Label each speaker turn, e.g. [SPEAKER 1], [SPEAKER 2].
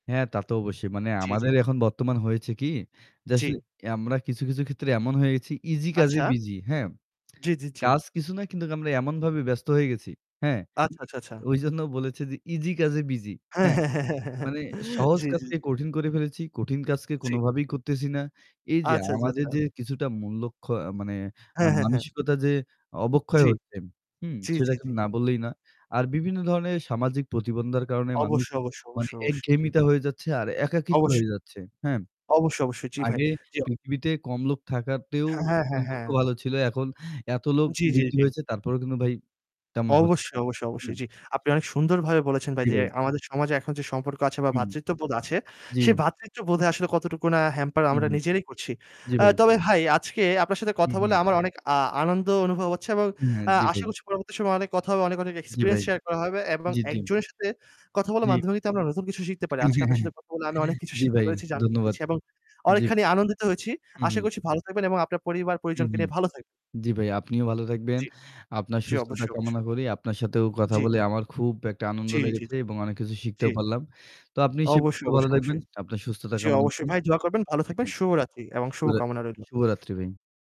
[SPEAKER 1] হ্যাঁ, তা তো অবশ্যই। মানে
[SPEAKER 2] জি, জি।
[SPEAKER 1] আমাদের এখন বর্তমান হয়েছে কি? যে
[SPEAKER 2] জি।
[SPEAKER 1] আসলে আমরা কিছু, কিছু ক্ষেত্রে এমন হয়ে গেছি easy কাজে
[SPEAKER 2] আচ্ছা।
[SPEAKER 1] busy, হ্যাঁ?
[SPEAKER 2] জি, জি, জি।
[SPEAKER 1] কাজ কিছু না কিন্তু আমরা এমনভাবে ব্যস্ত হয়ে গেছি। হ্যাঁ?
[SPEAKER 2] আচ্ছা, আচ্ছা, আচ্ছা।
[SPEAKER 1] ওই জন্য বলেছি যে easy কাজে busy, হ্যাঁ? মানে সহজ
[SPEAKER 2] জি, জি,
[SPEAKER 1] কাজকে
[SPEAKER 2] জি।
[SPEAKER 1] কঠিন করে ফেলেছি। কঠিন কাজকে
[SPEAKER 2] জি।
[SPEAKER 1] কোনভাবেই করতেছি না। এই যে
[SPEAKER 2] আচ্ছা, আচ্ছা,
[SPEAKER 1] আমাদের যে
[SPEAKER 2] আচ্ছা।
[SPEAKER 1] কিছুটা মূল্যক্ষ মানে এ
[SPEAKER 2] হ্যাঁ, হ্যাঁ, হ্যাঁ।
[SPEAKER 1] মানসিকতা যে অবক্ষয়
[SPEAKER 2] জি।
[SPEAKER 1] হচ্ছে হুম?
[SPEAKER 2] জি,
[SPEAKER 1] সেটা
[SPEAKER 2] জি,
[SPEAKER 1] এখন
[SPEAKER 2] জি।
[SPEAKER 1] না বললেই না। আর বিভিন্ন ধরনের সামাজিক প্রতিবন্ধকতার কারণে মানুষ
[SPEAKER 2] অবশ্যই, অবশ্যই,
[SPEAKER 1] মানে
[SPEAKER 2] অবশ্যই, অবশ্যই। জি।
[SPEAKER 1] একঘেয়েমিতা হয়ে যাচ্ছে আর
[SPEAKER 2] জি।
[SPEAKER 1] একাকীত্ব হয়ে
[SPEAKER 2] অবশ্যই।
[SPEAKER 1] যাচ্ছে। হ্যাঁ?
[SPEAKER 2] অবশ্যই, অবশ্যই। জি ভাই।
[SPEAKER 1] আগে
[SPEAKER 2] জি।
[SPEAKER 1] পৃথিবীতে কম লোক থাকাতেও
[SPEAKER 2] হ্যাঁ, হ্যাঁ, হ্যাঁ,
[SPEAKER 1] সম্পর্ক
[SPEAKER 2] হ্যাঁ।
[SPEAKER 1] ভালো ছিল। এখন এত লোক
[SPEAKER 2] জি, জি,
[SPEAKER 1] বৃদ্ধি
[SPEAKER 2] জি।
[SPEAKER 1] হয়েছে তারপরও কিন্তু ভাই তেমন হচ্ছে
[SPEAKER 2] অবশ্যই, অবশ্যই, অবশ্যই।
[SPEAKER 1] [unintelligible]
[SPEAKER 2] জি। আপনি অনেক সুন্দরভাবে বলেছেন ভাই
[SPEAKER 1] জি
[SPEAKER 2] যে
[SPEAKER 1] ভাই।
[SPEAKER 2] আমাদের সমাজে এখন যে সম্পর্ক আছে বা
[SPEAKER 1] হুম।
[SPEAKER 2] ভ্রাতৃত্ববোধ আছে,
[SPEAKER 1] জি।
[SPEAKER 2] সে ভ্রাতৃত্ববোধে আসলে কতটুকু না হ্যাম্পার আমরা
[SPEAKER 1] উহুম।
[SPEAKER 2] নিজেরাই করছি।
[SPEAKER 1] জি
[SPEAKER 2] আ
[SPEAKER 1] ভাই।
[SPEAKER 2] তবে ভাই আজকে আপনার সাথে কথা বলে
[SPEAKER 1] উহুম।
[SPEAKER 2] আমার অনেক আ আনন্দ অনুভব হচ্ছে এবং
[SPEAKER 1] হ্যা,
[SPEAKER 2] আ
[SPEAKER 1] জি ভাই।
[SPEAKER 2] আশা করছি পরবর্তী সময়ে অনেক কথা হবে, অনেক, অনেক
[SPEAKER 1] জি ভাই।
[SPEAKER 2] experience share করা হবে এবং
[SPEAKER 1] জি, জি।
[SPEAKER 2] একজনের সাথে কথা বলার
[SPEAKER 1] জি।
[SPEAKER 2] মাধ্যমে কিন্তু আমরা নতুন কিছু শিখতে পারি। আজকে আপনার সাথে কথা বলে আমি অনেক কিছু
[SPEAKER 1] জ্বি
[SPEAKER 2] শিখতে
[SPEAKER 1] ভাই।
[SPEAKER 2] পেরেছি, জানতে
[SPEAKER 1] ধন্যবাদ।
[SPEAKER 2] পেরেছি এবং
[SPEAKER 1] জি।
[SPEAKER 2] অনেকখানি আনন্দিত হয়েছি। আশা
[SPEAKER 1] উহুম।
[SPEAKER 2] করছি ভালো থাকবেন এবং আপনার পরিবার-পরিজনকে
[SPEAKER 1] উহুম।
[SPEAKER 2] নিয়ে ভালো থাকবেন।
[SPEAKER 1] জ্বি ভাই, আপনিও ভালো থাকবেন।
[SPEAKER 2] জি।
[SPEAKER 1] আপনার
[SPEAKER 2] জি,
[SPEAKER 1] সুস্থতা
[SPEAKER 2] অবশ্যই,
[SPEAKER 1] কামনা
[SPEAKER 2] অবশ্যই।
[SPEAKER 1] করি। আপনার সাথেও কথা
[SPEAKER 2] জি।
[SPEAKER 1] বলে আমার খুব একটা আনন্দ
[SPEAKER 2] জি, জি,
[SPEAKER 1] লেগেছে
[SPEAKER 2] জি।
[SPEAKER 1] এবং অনেক কিছু
[SPEAKER 2] জি।
[SPEAKER 1] শিখতেও পারলাম। তো আপনি সেই [unintelligible]
[SPEAKER 2] অবশ্যই,
[SPEAKER 1] ভালো
[SPEAKER 2] অবশ্যই,
[SPEAKER 1] থাকবেন।
[SPEAKER 2] অবশ্যই।
[SPEAKER 1] আপনার সুস্থতা
[SPEAKER 2] জি,
[SPEAKER 1] কামনা করি।
[SPEAKER 2] অবশ্যই ভাই। দোয়া করবেন, ভালো থাকবেন।
[SPEAKER 1] সেটাই।
[SPEAKER 2] শুভরাত্রি এবং
[SPEAKER 1] [unintelligible]
[SPEAKER 2] শুভকামনা রইল।
[SPEAKER 1] শুভরাত্রি ভাই।